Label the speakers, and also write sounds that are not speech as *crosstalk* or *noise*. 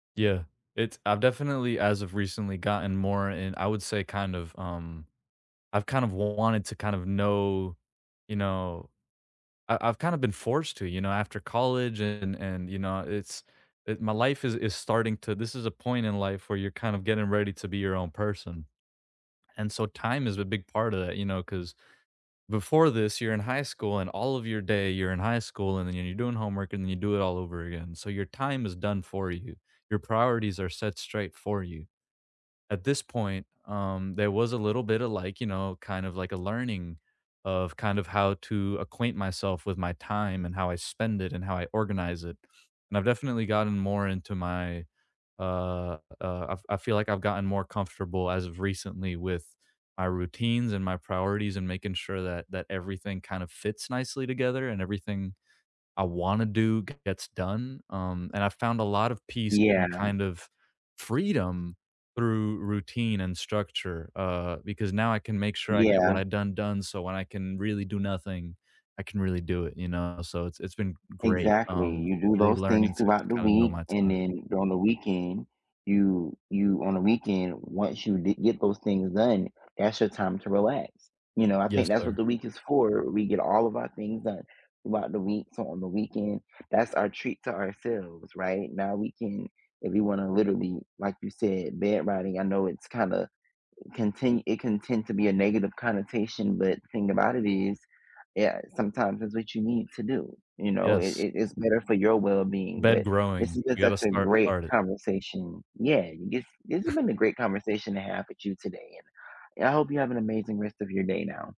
Speaker 1: Yeah. It's I've definitely, as of recently, gotten more in I would say kinda, um I've kinda wanted to kind of know, you know I I've kinda been forced to, you know, after college and and, you know, it's, it my life is, is starting to this is a point in life where you're kinda getting ready to be your own person. And so time is a big part of that, you know, 'cause, before this you're in high school, and all of your day you're in high school, and then you're doing homework, and then you do it all over again. So your time is done for you. Your priorities are set straight for you. At this point, um, there was a little bit of, like, you know, kind of like, a learning of kind of how to acquaint myself with my time and how I spend it and how I organize it. And I've definitely gotten more into my, uh, uh I I feel, like, I've gotten more comfortable as of recently with my routines and my priorities and making sure that that everything kinda fits nicely together and everything I wanna do gets done. Um, and I've found a lot of peace
Speaker 2: Yeah.
Speaker 1: and kind of freedom through routine and structure, uh, because now I can make sure I get
Speaker 2: Yeah.
Speaker 1: what I done done, so when I can really do nothing, I can really do it, you know? So it's it's been great,
Speaker 2: Exactly.
Speaker 1: um,
Speaker 2: You do
Speaker 1: really
Speaker 2: those things
Speaker 1: learning to to
Speaker 2: throughout the
Speaker 1: kinda know
Speaker 2: week,
Speaker 1: my
Speaker 2: and
Speaker 1: time.
Speaker 2: then during the weekend, you you on the weekend, once you d get those things done, that's your time to relax. You know, I
Speaker 1: Yes,
Speaker 2: think that's what
Speaker 1: sir.
Speaker 2: the week is for. We get all of our things done throughout the week, so on the weekend that's our treat to ourselves, right? Now we can if we wanna literally, like, you said, bed riding. I know it's kinda contin it can tend to be a negative connotation, but the thing about it is yeah, sometimes it's what you need to do, you know? It
Speaker 1: Yes.
Speaker 2: it is better for your wellbeing.
Speaker 1: Bed
Speaker 2: But this
Speaker 1: growing.
Speaker 2: has been
Speaker 1: We gotta
Speaker 2: such a
Speaker 1: start
Speaker 2: great
Speaker 1: start it.
Speaker 2: conversation. Yeah, this this has been a
Speaker 1: *scoffs*
Speaker 2: great conversation to have with you today, and and I hope you have an amazing rest of your day now.